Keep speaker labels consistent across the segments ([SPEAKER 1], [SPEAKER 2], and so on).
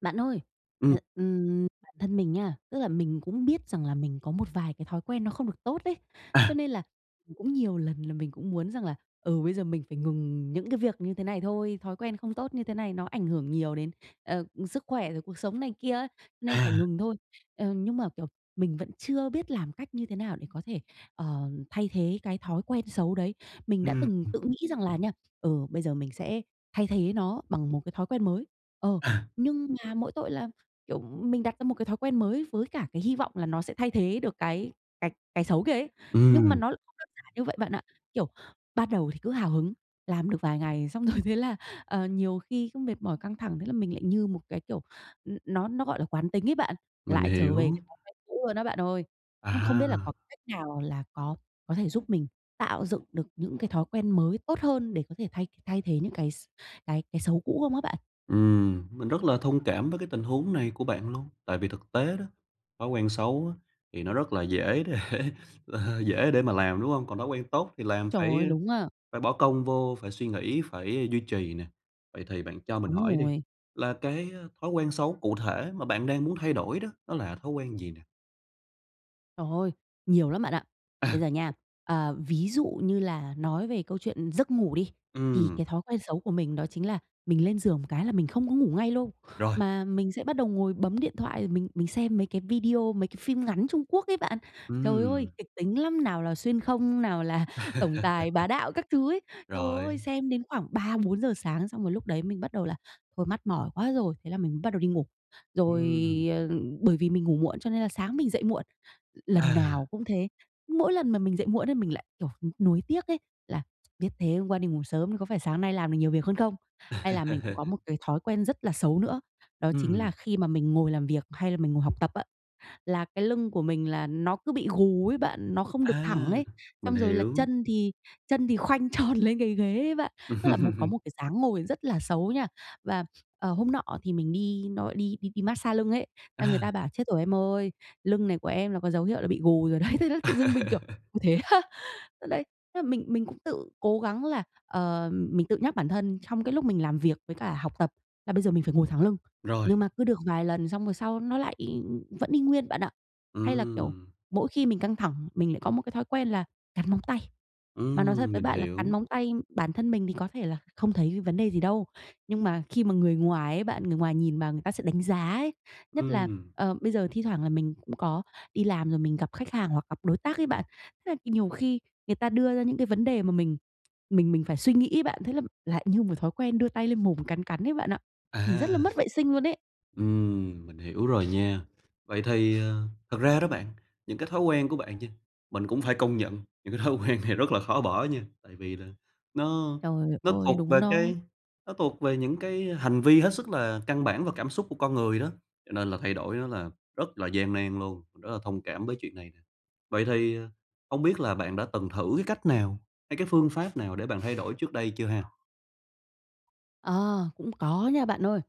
[SPEAKER 1] Bạn ơi,
[SPEAKER 2] Ừm.
[SPEAKER 1] hờ, ừm, bản thân mình nha, tức là mình cũng biết rằng là mình có một vài cái thói quen nó không được tốt ấy, cho
[SPEAKER 2] À.
[SPEAKER 1] nên là, ừ, cũng nhiều lần là mình cũng muốn rằng là, ừ, bây giờ mình phải ngừng những cái việc như thế này thôi, thói quen không tốt như thế này nó ảnh hưởng nhiều đến, ờ, ừ, sức khỏe, rồi cuộc sống này kia á, nên phải
[SPEAKER 2] À.
[SPEAKER 1] ngừng thôi. Ờ, nhưng mà, kiểu, mình vẫn chưa biết làm cách như thế nào để có thể, ờ, thay thế cái thói quen xấu đấy. Mình đã
[SPEAKER 2] Ừm,
[SPEAKER 1] từng
[SPEAKER 2] ừ.
[SPEAKER 1] tự nghĩ rằng là nha, ừ, bây giờ mình sẽ thay thế nó bằng một cái thói quen mới. Ờ,
[SPEAKER 2] À.
[SPEAKER 1] nhưng mà mỗi tội là, kiểu, mình đặt ra một cái thói quen mới với cả cái hy vọng là nó sẽ thay thế được cái cái cái xấu kia ấy, nhưng mà
[SPEAKER 2] Ừm.
[SPEAKER 1] nó không đơn giản như vậy bạn ạ. Kiểu, ban đầu thì cứ hào hứng, làm được vài ngày xong rồi thế là, ờ, nhiều khi cứ mệt mỏi, căng thẳng, thế là mình lại như một cái, kiểu, ừ, nó nó gọi là quán tính ấy bạn,
[SPEAKER 2] Mình
[SPEAKER 1] lại trở
[SPEAKER 2] hiểu.
[SPEAKER 1] về cái thói quen cũ luôn á bạn ơi. Nó không biết là có
[SPEAKER 2] À.
[SPEAKER 1] cách nào là có có thể giúp mình tạo dựng được những cái thói quen mới tốt hơn để có thể thay th thay thế những cái x cái cái xấu cũ không á bạn?
[SPEAKER 2] Ừm. Mình rất là thông cảm với cái tình huống này của bạn luôn, tại vì thực tế đó, thói quen xấu á, thì nó rất là dễ để, ờ, dễ để mà làm, đúng hông? Còn thói quen tốt thì làm
[SPEAKER 1] Trời
[SPEAKER 2] phải,
[SPEAKER 1] ơi!
[SPEAKER 2] ơ,
[SPEAKER 1] Đúng a.
[SPEAKER 2] phải bỏ công vô, phải suy nghĩ, phải, ơ, duy trì nè. Vậy thì bạn cho mình
[SPEAKER 1] Đúng
[SPEAKER 2] hỏi đi,
[SPEAKER 1] rồi.
[SPEAKER 2] là cái á, thói quen xấu cụ thể mà bạn đang muốn thay đổi đó, đó là thói quen gì nè?
[SPEAKER 1] Trời ơi! Nhiều lắm bạn ạ! Bây
[SPEAKER 2] À!
[SPEAKER 1] giờ nha, à, ví dụ như là nói về câu chuyện giấc ngủ đi, thì
[SPEAKER 2] Ừm.
[SPEAKER 1] cái thói quen xấu của mình đó chính là mình lên giường một cái là mình không có ngủ ngay lâu,
[SPEAKER 2] Rồi!
[SPEAKER 1] mà mình sẽ bắt đầu ngồi bấm điện thoại, rồi mình mình xem mấy cái video, mấy cái phim ngắn Trung Quốc ấy bạn. Trời ơi!
[SPEAKER 2] Ừm.
[SPEAKER 1] Kịch tính lắm! Nào là xuyên không, nào là tổng tài bá đạo các thứ ấy. Trời
[SPEAKER 2] Rồi.
[SPEAKER 1] ơi, xem đến khoảng 3:00-4:00 sáng xong rồi lúc đấy mình bắt đầu là "Thôi mắt mỏi quá rồi," thế là mình m bắt đầu đi ngủ. Rồi,
[SPEAKER 2] Ừm.
[SPEAKER 1] ờ, bởi vì mình ngủ muộn cho nên là sáng mình dậy muộn, l lần
[SPEAKER 2] À!
[SPEAKER 1] nào cũng thế. Mỗi lần mà mình dậy muộn ấy mình lại, kiểu, n nuối tiếc ấy, là, "Biết thế hôm qua đi ngủ sớm thì có phải sáng nay làm được nhiều việc hơn không?" Hay là mình cũng có một cái thói quen rất là xấu nữa, đó chính là
[SPEAKER 2] Ừm.
[SPEAKER 1] khi mà mình ngồi làm việc, hay là mình ngồi học tập á, là cái lưng của mình là nó cứ bị gù ấy bạn, nó không được thẳng
[SPEAKER 2] À!
[SPEAKER 1] ấy,
[SPEAKER 2] Mình
[SPEAKER 1] xong rồi là
[SPEAKER 2] hiểu.
[SPEAKER 1] chân thì chân thì khoanh tròn lên cái ghế ấy bạn, tức là một có một cái dáng ngồi rất là xấu nha. Và, ờ, hôm nọ thì mình đi nó gọi đi đi đi mát-xa lưng ấy, th là người
[SPEAKER 2] À!
[SPEAKER 1] ta bảo "Chết rồi em ơi, lưng này của em là có dấu hiệu là bị gù rồi đấy." Thế là tự dưng mình, kiểu: "Ui, thế á?" Đấy, tức là mình mình cũng tự cố gắng là, ờ, mình tự nhắc bản thân trong cái lúc mình làm việc với cả học tập là bây giờ mình phải ngồi thẳng lưng,
[SPEAKER 2] Rồi!
[SPEAKER 1] nhưng mà cứ được vài lần xong rồi sau nó lại y vẫn y nguyên bạn ạ. Hay là, kiểu,
[SPEAKER 2] Ừm.
[SPEAKER 1] mỗi khi mình căng thẳng, mình lại có một cái thói quen là cắn móng tay. Mà nói thật
[SPEAKER 2] Ừm,
[SPEAKER 1] với
[SPEAKER 2] mình
[SPEAKER 1] bạn là
[SPEAKER 2] hiểu.
[SPEAKER 1] cắn móng tay bản thân mình thì có thể là không thấy c vấn đề gì đâu, nhưng mà khi mà người ngoài ấy bạn, người ngoài nhìn vào người ta sẽ đánh giá ấy, nhất là,
[SPEAKER 2] Ừm.
[SPEAKER 1] ờ, bây giờ thi thoảng là mình cũng có đi làm rồi mình gặp khách hàng hoặc gặp đối tác ấy bạn, thế là k nhiều khi người ta đưa ra những cái vấn đề mà mình mình mình phải suy nghĩ ấy bạn, thế là lại như một thói quen đưa tay lên mồm cắn cắn ấy bạn ạ, nhìn rất
[SPEAKER 2] À!
[SPEAKER 1] là mất vệ sinh luôn ấy.
[SPEAKER 2] Ừm, mình hiểu rồi nha. Vậy thì, à, thật ra đó bạn, những cái thói quen của bạn chư mình cũng phải công nhận những cái thói quen này rất là khó bỏ nha, tại vì là nó
[SPEAKER 1] Trời
[SPEAKER 2] nó
[SPEAKER 1] ơi,
[SPEAKER 2] thuộc
[SPEAKER 1] đúng
[SPEAKER 2] về
[SPEAKER 1] đó.
[SPEAKER 2] cái nó thuộc về những cái hành vi hết sức là căn bản và cảm xúc của con người đó, cho nên là thay đổi nó là rất là gian nan luôn, mình rất là thông cảm với chuyện này nè. Vậy thì, à, hông biết là bạn đã từng thử cái cách nào hay cái phương pháp nào để bạn thay đổi trước đây chưa ha?
[SPEAKER 1] Ờ, cũng có nha bạn ơi.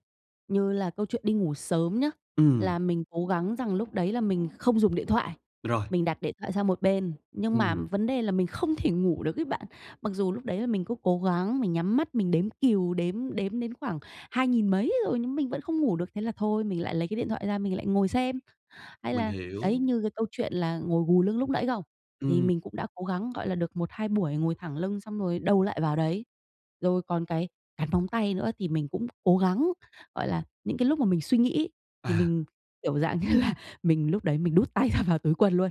[SPEAKER 1] Như là câu chuyện đi ngủ sớm nhá,
[SPEAKER 2] Ừm.
[SPEAKER 1] là mình cố gắng rằng lúc đấy là mình không dùng điện thoại,
[SPEAKER 2] Rồi.
[SPEAKER 1] mình đặt điện thoại sang một bên, nhưng mà
[SPEAKER 2] Ừm.
[SPEAKER 1] vấn đề là mình không thể ngủ được ấy bạn. Mặc dù lúc đấy là mình cứ cố gắng mình nhắm mắt mình đếm cừu, đếm, đếm đến khoảng hai nghìn mấy rồi nhưng mình vẫn không ngủ được, thế là thôi mình lại lấy cái điện thoại ra mình lại ngồi xem. Hay
[SPEAKER 2] Mình
[SPEAKER 1] là,
[SPEAKER 2] hiểu.
[SPEAKER 1] đấy, như cái câu chuyện là ngồi gù lưng lúc nãy không, thì
[SPEAKER 2] Ừm.
[SPEAKER 1] mình cũng đã cố gắng, gọi là, được 1-2 buổi ngồi thẳng lưng xong rồi đâu lại vào đấy. Rồi còn cái cắn móng tay nữa, thì mình cũng cố gắng, gọi là, những cái lúc mà mình suy nghĩ thì
[SPEAKER 2] À.
[SPEAKER 1] mình, kiểu dạng như là, mình lúc đấy mình đút tay ra vào túi quần luôn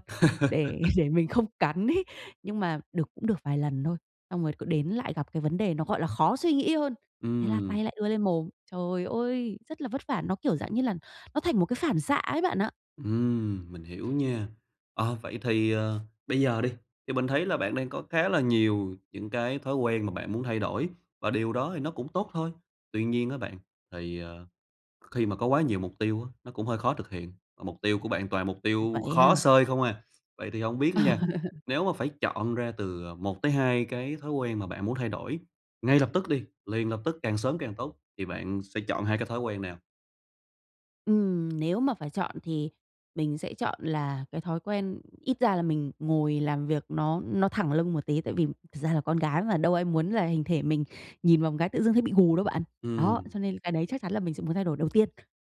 [SPEAKER 1] để để mình không cắn ấy. Nhưng mà được cũng được vài lần thôi, xong rồi cứ đến lại gặp cái vấn đề nó, gọi là, khó suy nghĩ hơn, thế là
[SPEAKER 2] Ừm.
[SPEAKER 1] tay lại đưa lên mồm. Trời ơi, rất là vất vả! Nó, kiểu dạng như là, nó thành một cái phản xạ ấy bạn ạ.
[SPEAKER 2] Ừm, mình hiểu nha. Ờ, vậy thì, ờ, bây giờ đi, thì mình thấy là bạn đang có khá là nhiều những cái thói quen mà bạn muốn thay đổi, và điều đó thì nó cũng tốt thôi. Tuy nhiên á bạn, thì, ờ, kh khi mà có quá nhiều mục tiêu á, nó cũng hơi khó thực hiện, và mục tiêu của bạn toàn là mục tiêu
[SPEAKER 1] Vậy
[SPEAKER 2] khó
[SPEAKER 1] ha?
[SPEAKER 2] xơi không à. Vậy thì hông biết nha, nếu mà phải chọn ra từ, ờ, 1 tới 2 cái thói quen mà bạn muốn thay đổi ngay lập tức đi, liền lập tức, càng sớm càng tốt thì bạn sẽ chọn 2 cái thói quen nào?
[SPEAKER 1] Ừm, nếu mà phải chọn thì mình sẽ chọn là cái thói quen ít ra là mình ngồi làm việc nó nó thẳng lưng một tí tại vì thật ra là con gái mà, đâu ai muốn là hình thể mình nhìn vào một cái tự dưng thấy bị gù đâu bạn, đó,
[SPEAKER 2] Ừm.
[SPEAKER 1] cho nên cái đấy chắc chắn là mình sẽ muốn thay đổi đầu tiên.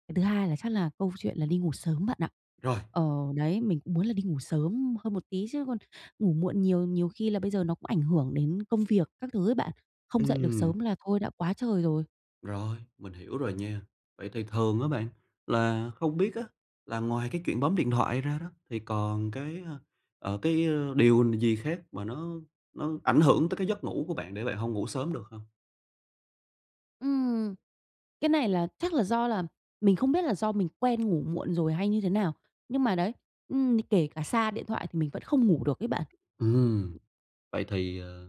[SPEAKER 1] Cái thứ hai là chắc là câu chuyện là đi ngủ sớm bạn ạ.
[SPEAKER 2] Rồi!
[SPEAKER 1] Ờ, đấy, mình cũng muốn là đi ngủ sớm hơn một tí chứ còn ngủ muộn nhiều, nhiều khi là bây giờ nó cũng ảnh hưởng đến công việc các thứ ấy bạn, không dậy được
[SPEAKER 2] Ừm.
[SPEAKER 1] sớm là thôi đã quá trời rồi!
[SPEAKER 2] Rồi, mình hiểu rồi nha. Vậy thì thường á bạn, là không biết á là ngoài cái chuyện bấm điện thoại ra đó thì còn cái, ơ, ờ, cái, ơ, điều n gì khác mà nó nó ảnh hưởng tới cái giấc ngủ của bạn, để bạn hông ngủ sớm được không?
[SPEAKER 1] Ừm, cái này là chắc là do là mình không biết là do mình quen ngủ muộn rồi hay như thế nào, nhưng mà đấy, ừm, kể cả xa điện thoại thì mình vẫn không ngủ được ấy bạn.
[SPEAKER 2] Ừm. Vậy thì, ờ,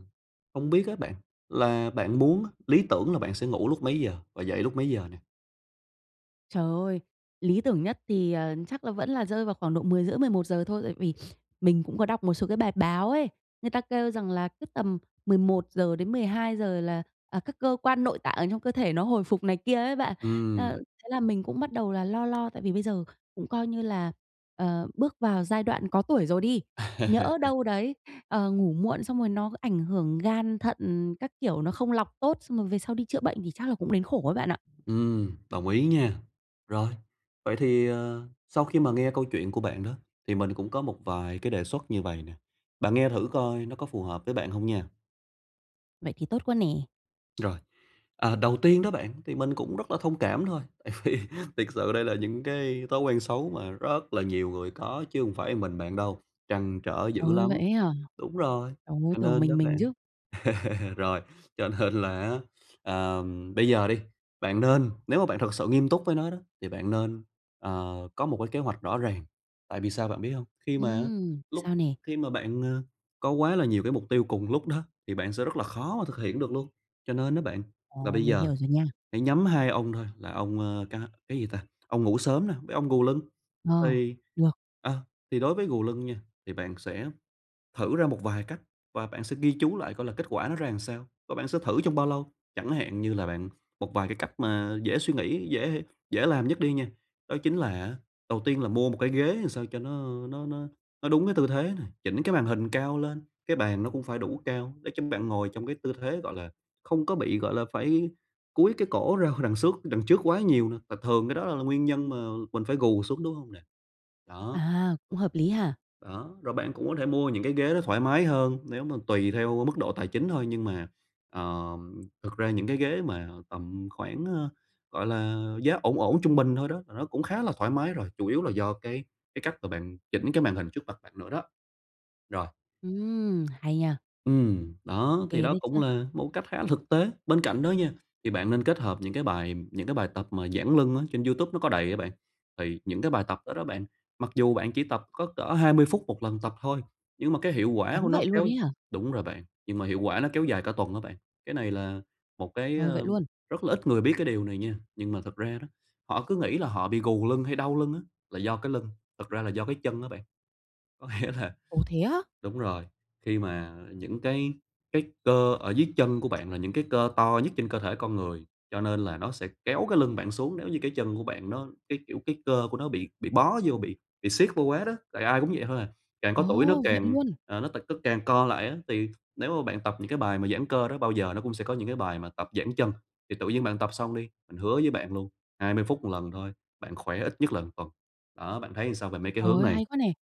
[SPEAKER 2] hông biết á bạn là bạn muốn á, lý tưởng là bạn sẽ ngủ lúc mấy giờ và dậy lúc mấy giờ nè?
[SPEAKER 1] Trời ơi! Lý tưởng nhất thì, ờ, chắc là vẫn là rơi vào khoảng độ 10:30, 11:00 thôi tại vì mình cũng có đọc một số cái bài báo ấy, người ta kêu rằng là cứ tầm 11:00-12:00 là, à, các cơ quan nội tạng ở trong cơ thể nó hồi phục này kia ấy bạn, a,
[SPEAKER 2] Ừm.
[SPEAKER 1] thế là mình cũng bắt đầu là lo lo tại vì bây giờ cũng coi như là, ờ, bước vào giai đoạn có tuổi rồi đi, nhỡ đâu đấy, ờ, ngủ muộn xong rồi nó ảnh hưởng gan, thận các kiểu, nó không lọc tốt xong rồi về sau đi chữa bệnh thì chắc là cũng đến khổ ấy bạn ạ.
[SPEAKER 2] Ừm, đồng ý nha. Rồi, vậy thì, ờ, sau khi mà nghe câu chuyện của bạn đó, thì mình cũng có một vài cái đề xuất như vầy nè, bạn nghe thử coi nó có phù hợp với bạn hông nha.
[SPEAKER 1] Vậy thì tốt quá nè.
[SPEAKER 2] Rồi. Ờ, đầu tiên đó bạn, thì mình cũng rất là thông cảm thôi, tại vì thiệt sự đây là những cái thói quen xấu mà rất là nhiều người có chứ hông phải một mình bạn đâu, trăn trở
[SPEAKER 1] Trời
[SPEAKER 2] dữ
[SPEAKER 1] ơi! Vậy
[SPEAKER 2] lắm.
[SPEAKER 1] ấy hả?
[SPEAKER 2] Đúng rồi,
[SPEAKER 1] Trời ơi,
[SPEAKER 2] cho
[SPEAKER 1] tưởng
[SPEAKER 2] nên đó
[SPEAKER 1] mình mình
[SPEAKER 2] bạn
[SPEAKER 1] chứ.
[SPEAKER 2] rồi, cho nên là á, ờ, bây giờ đi, bạn nên nếu mà bạn thực sự nghiêm túc với nó đó, thì bạn nên, ờ, có một cái kế hoạch rõ ràng. Tại vì sao bạn biết hông? Khi mà á,
[SPEAKER 1] Ừm,
[SPEAKER 2] lúc
[SPEAKER 1] sao nè?
[SPEAKER 2] khi mà bạn, ờ, có quá là nhiều cái mục tiêu cùng lúc đó thì bạn sẽ rất là khó mà thực hiện được luôn, cho nên á bạn, là
[SPEAKER 1] Ồ,
[SPEAKER 2] bây
[SPEAKER 1] mình
[SPEAKER 2] giờ
[SPEAKER 1] hiểu rồi nha.
[SPEAKER 2] hãy nhắm 2 ông thôi, là ông, ơ, ca cái gì ta? Ông ngủ sớm nè với ông gù lưng.
[SPEAKER 1] Ờ,
[SPEAKER 2] Thì,
[SPEAKER 1] được.
[SPEAKER 2] ờ, thì đối với gù lưng nha thì bạn sẽ thử ra một vài cách và bạn sẽ ghi chú lại coi là kết quả nó ra làm sao và bạn sẽ thử trong bao lâu. Chẳng hạn như là bạn một vài cái cách mà dễ suy nghĩ, dễ hê dễ làm nhất đi nha, đó chính là á, đầu tiên là mua một cái ghế làm sao cho nó, ơ, nó nó nó đúng cái tư thế này, chỉnh cái màn hình cao lên, cái bàn nó cũng phải đủ cao để cho bạn ngồi trong cái tư thế, gọi là, không có bị, gọi là, phải cúi cái cổ ra hỏi đằng xước đằng trước quá nhiều nè và thường cái đó la là nguyên nhân mà mình phải gù xuống, đúng hông nè? Đó.
[SPEAKER 1] À, cũng hợp lý ha.
[SPEAKER 2] Đó, rồi bạn cũng có thể mua những cái ghế nó thoải mái hơn, nếu mà tùy theo, ơ, mức độ tài chính thôi nhưng mà, ờm, thực ra những cái ghế mà tầm khoảng, ơ, gọi là, giá ổn ổn, trung bình thôi đó, là nó cũng khá là thoải mái rồi, chủ yếu là do cái cái cách là bạn chỉnh cái màn hình trước mặt bạn nữa đó. Rồi.
[SPEAKER 1] Ừm, hay nha.
[SPEAKER 2] Ừm,
[SPEAKER 1] Ô
[SPEAKER 2] đó, thì
[SPEAKER 1] kê
[SPEAKER 2] đó
[SPEAKER 1] đấy
[SPEAKER 2] cũng
[SPEAKER 1] chớ.
[SPEAKER 2] là một cái cách khá là thực tế. Bên cạnh đó nha, thì bạn nên kết hợp những cái bài những cái bài tập mà giãn lưng á, trên YouTube nó có đầy á bạn. Thì những cái bài tập đó đó bạn, mặc dù bạn chỉ tập có cỡ 20 phút 1 lần tập thôi, nhưng mà cái hiệu quả của
[SPEAKER 1] Ngắn
[SPEAKER 2] nó
[SPEAKER 1] vậy luôn
[SPEAKER 2] kéo
[SPEAKER 1] ấy hả?
[SPEAKER 2] đúng rồi bạn, nhưng mà hiệu quả nó kéo dài cả tuần á bạn. Cái này là một cái,
[SPEAKER 1] Ờ, vậy
[SPEAKER 2] ơ,
[SPEAKER 1] luôn?
[SPEAKER 2] rất là ít người biết cái điều này nha, nhưng mà thực ra đó, họ cứ nghĩ là họ bị gù lưng hay đau lưng á là do cái lưng, thật ra là do cái chân á bạn. Có nghĩa là
[SPEAKER 1] Ồ, thế á?
[SPEAKER 2] đúng rồi, khi mà những cái cái cơ ở dưới chân của bạn là những cái cơ to nhất trên cơ thể con người, cho nên là nó sẽ kéo cái lưng bạn xuống, nếu như cái chân của bạn nó cái kiểu, cái cơ của nó bị bị bó vô bị bị siết vô quá đó, tại ai cũng vậy thôi à. Càng có tuổi nó
[SPEAKER 1] Ồ, vậy
[SPEAKER 2] càng,
[SPEAKER 1] luôn?
[SPEAKER 2] ờ, nó t tức càng co lại á thì nếu mà bạn tập những cái bài mà giãn cơ đó, bao giờ nó cũng sẽ có những cái bài mà tập giãn chân, thì tự nhiên bạn tập xong đi, mình hứa với bạn luôn, 20 phút 1 lần thôi, bạn khỏe ít nhất là 1 tuần. Đó, bạn thấy sao về mấy cái
[SPEAKER 1] Trời
[SPEAKER 2] hướng
[SPEAKER 1] ơi,
[SPEAKER 2] này?
[SPEAKER 1] hay quá nè!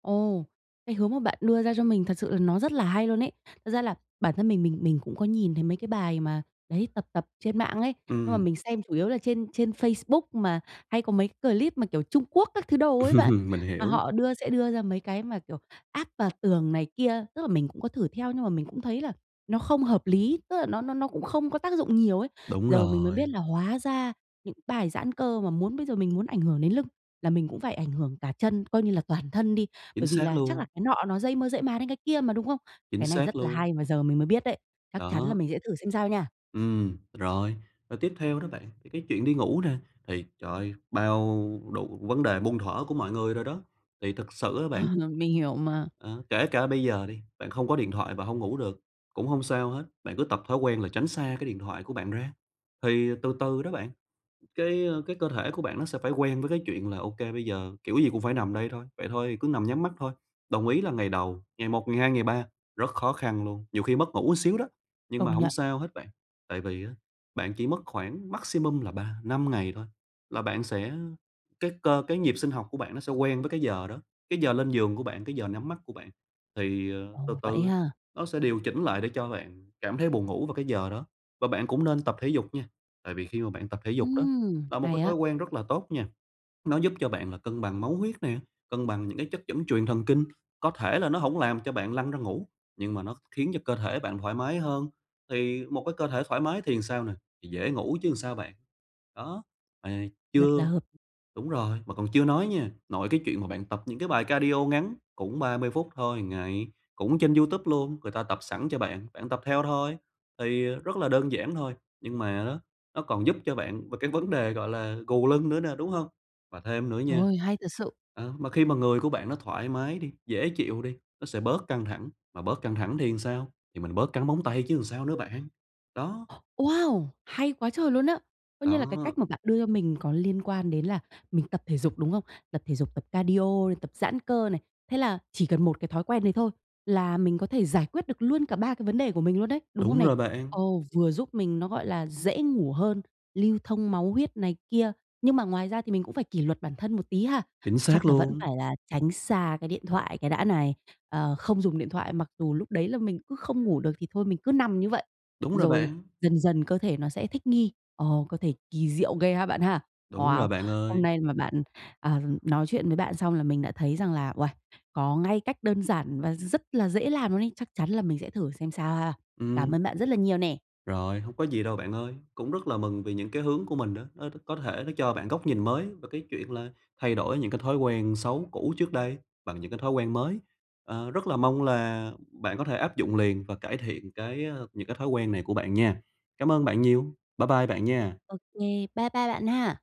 [SPEAKER 1] Ồ, cái hướng mà bạn đưa ra cho mình thật sự là nó rất là hay luôn ấy. Thật ra là bản thân mình mình mình cũng có nhìn thấy mấy cái bài mà đấy, tập tập trên mạng ấy, nhưng mà
[SPEAKER 2] Ừm.
[SPEAKER 1] mình xem chủ yếu là trên trên Facebook mà hay có mấy cái clip mà, kiểu, Trung Quốc các thứ đồ ấy bạn,
[SPEAKER 2] Mình
[SPEAKER 1] mà
[SPEAKER 2] hiểu.
[SPEAKER 1] họ đưa sẽ đưa ra mấy cái mà, kiểu, áp vào tường này kia. Tức là mình cũng có thử theo, nhưng mà mình cũng thấy là nó không hợp lý, tức là nó nó nó cũng không có tác dụng nhiều ấy.
[SPEAKER 2] Đúng
[SPEAKER 1] Giờ mình mới biết
[SPEAKER 2] rồi.
[SPEAKER 1] là hóa ra những cái bài giãn cơ mà muốn bây giờ mình muốn ảnh hưởng đến lưng là mình cũng phải ảnh hưởng cả chân, coi như là toàn thân đi,
[SPEAKER 2] Chính
[SPEAKER 1] bởi vì
[SPEAKER 2] xác
[SPEAKER 1] là chắc là
[SPEAKER 2] luôn.
[SPEAKER 1] cái nọ nó dây mơ rễ má đến cái kia mà, đúng không?
[SPEAKER 2] Chính
[SPEAKER 1] Cái này
[SPEAKER 2] xác
[SPEAKER 1] rất là
[SPEAKER 2] luôn.
[SPEAKER 1] hay mà giờ mình mới biết đấy, chắc chắn là
[SPEAKER 2] Đó.
[SPEAKER 1] mình sẽ thử xem sao nha.
[SPEAKER 2] Ừm, rồi. Rồi tiếp theo đó bạn, thì cái chuyện đi ngủ nè thì trời ơi, bao đủ vấn đề muôn thuở của mọi người rồi đó! Thì thực sự á bạn
[SPEAKER 1] Mình hiểu mà.
[SPEAKER 2] Ờ, kể cả bây giờ đi, bạn không có điện thoại và hông ngủ được, cũng hông sao hết, bạn cứ tập thói quen là tránh xa cái điện thoại của bạn ra. Thì từ từ đó bạn cái, ơ, cái cơ thể của bạn nó sẽ phải quen với cái chuyện là ô kê bây giờ kiểu gì cũng phải nằm đây thôi, vậy thôi thì cứ nằm nhắm mắt thôi. Đồng ý là ngày đầu, ngày một, ngày hai, ngày ba, rất khó khăn luôn, nhiều khi mất ngủ một xíu đó, nhưng
[SPEAKER 1] Công
[SPEAKER 2] mà hổng
[SPEAKER 1] nhận.
[SPEAKER 2] sao hết bạn. Tại vì á, bạn chỉ mất khoảng maximum là 3-5 ngày thôi là bạn sẽ cái cơ cái nhịp sinh học của bạn nó sẽ quen với cái giờ đó, cái giờ lên giường của bạn, cái giờ nhắm mắt của bạn. Thì, ờ, từ
[SPEAKER 1] Ồ, vậy
[SPEAKER 2] từ
[SPEAKER 1] ha.
[SPEAKER 2] nó sẽ điều chỉnh lại để cho bạn cảm thấy buồn ngủ vào cái giờ đó. Và bạn cũng nên tập thể dục nha, tại vì khi mà bạn tập thể dục đó
[SPEAKER 1] Ừm,
[SPEAKER 2] là một
[SPEAKER 1] hay
[SPEAKER 2] cái thói
[SPEAKER 1] á.
[SPEAKER 2] quen rất là tốt nha, nó giúp cho bạn là cân bằng máu huyết nè, cân bằng những cái chất dẫn truyền thần kinh, có thể là nó hổng làm cho bạn lăn ra ngủ, nhưng mà nó khiến cho cơ thể bạn thoải mái hơn, thì một cái cơ thể thoải mái thì sao nè? Thì dễ ngủ chứ làm sao bạn. Đó, mà
[SPEAKER 1] Rất là
[SPEAKER 2] chưa
[SPEAKER 1] hợp
[SPEAKER 2] đúng rồi, mà còn chưa nói nha, nội cái chuyện mà bạn tập những cái bài cardio ngắn cũng 30 phút thôi 1 ngày, cũng trên YouTube luôn, người ta tập sẵn cho bạn, bạn tập theo thôi thì, ờ, rất là đơn giản thôi, nhưng mà á nó còn giúp cho bạn về cái vấn đề, gọi là, gù lưng nữa nè, đúng hông? Và thêm nữa
[SPEAKER 1] Trời
[SPEAKER 2] nha
[SPEAKER 1] ơi, hay thật sự!
[SPEAKER 2] ờ, mà khi mà người của bạn nó thoải mái đi, dễ chịu đi, nó sẽ bớt căng thẳng, mà bớt căng thẳng thì làm sao? Thì mình bớt cắn móng tay chứ làm sao nữa bạn, đó.
[SPEAKER 1] Ồ, Wow! Hay quá trời luôn á! Coi như là cái
[SPEAKER 2] Đó.
[SPEAKER 1] cách mà bạn đưa cho mình có liên quan đến là mình tập thể dục, đúng không? Tập thể dục, tập cardio, tập giãn cơ này, thế là chỉ cần một cái thói quen đấy thôi, là mình có thể giải quyết được luôn cả 3 cái vấn đề của mình luôn đấy, đúng không
[SPEAKER 2] Đúng
[SPEAKER 1] nè?
[SPEAKER 2] rồi bạn.
[SPEAKER 1] Ồ, vừa giúp mình nó, gọi là, dễ ngủ hơn, lưu thông máu huyết này kia, nhưng mà ngoài ra thì mình cũng phải kỷ luật bản thân một tí ha?
[SPEAKER 2] Chính xác
[SPEAKER 1] Chắc là vẫn
[SPEAKER 2] luôn.
[SPEAKER 1] phải là tránh xa cái điện thoại cái đã này, ờ, không dùng điện thoại, mặc dù lúc đấy là mình cứ không ngủ được thì thôi mình cứ nằm như vậy,
[SPEAKER 2] Đúng rồi
[SPEAKER 1] rồi
[SPEAKER 2] bạn.
[SPEAKER 1] dần dần cơ thể nó sẽ thích nghi, ồ, cơ thể kỳ diệu ghê ha bạn ha.
[SPEAKER 2] Đúng
[SPEAKER 1] Wow!
[SPEAKER 2] rồi bạn
[SPEAKER 1] Hôm
[SPEAKER 2] ơi.
[SPEAKER 1] nay mà bạn, ờ, nói chuyện với bạn xong là mình đã thấy rằng là uầy, có ngay cách đơn giản mà rất là dễ làm luôn ấy, chắc chắn là mình sẽ thử xem sao ha. Cảm
[SPEAKER 2] Ừm.
[SPEAKER 1] ơn bạn rất là nhiều nè!
[SPEAKER 2] Rồi, hông có gì đâu bạn ơi, cũng rất là mừng vì những cái hướng của mình đó, nó có thể nó cho bạn góc nhìn mới về cái chuyện là thay đổi những cái thói quen xấu cũ trước đây bằng những cái thói quen mới. Ờ, rất là mong là bạn có thể áp dụng liền và cải thiện cái, ơ, những cái thói quen này của bạn nha. Cảm ơn bạn nhiều, bái bai bạn nha.
[SPEAKER 1] Ô kê, bái bai bạn ha.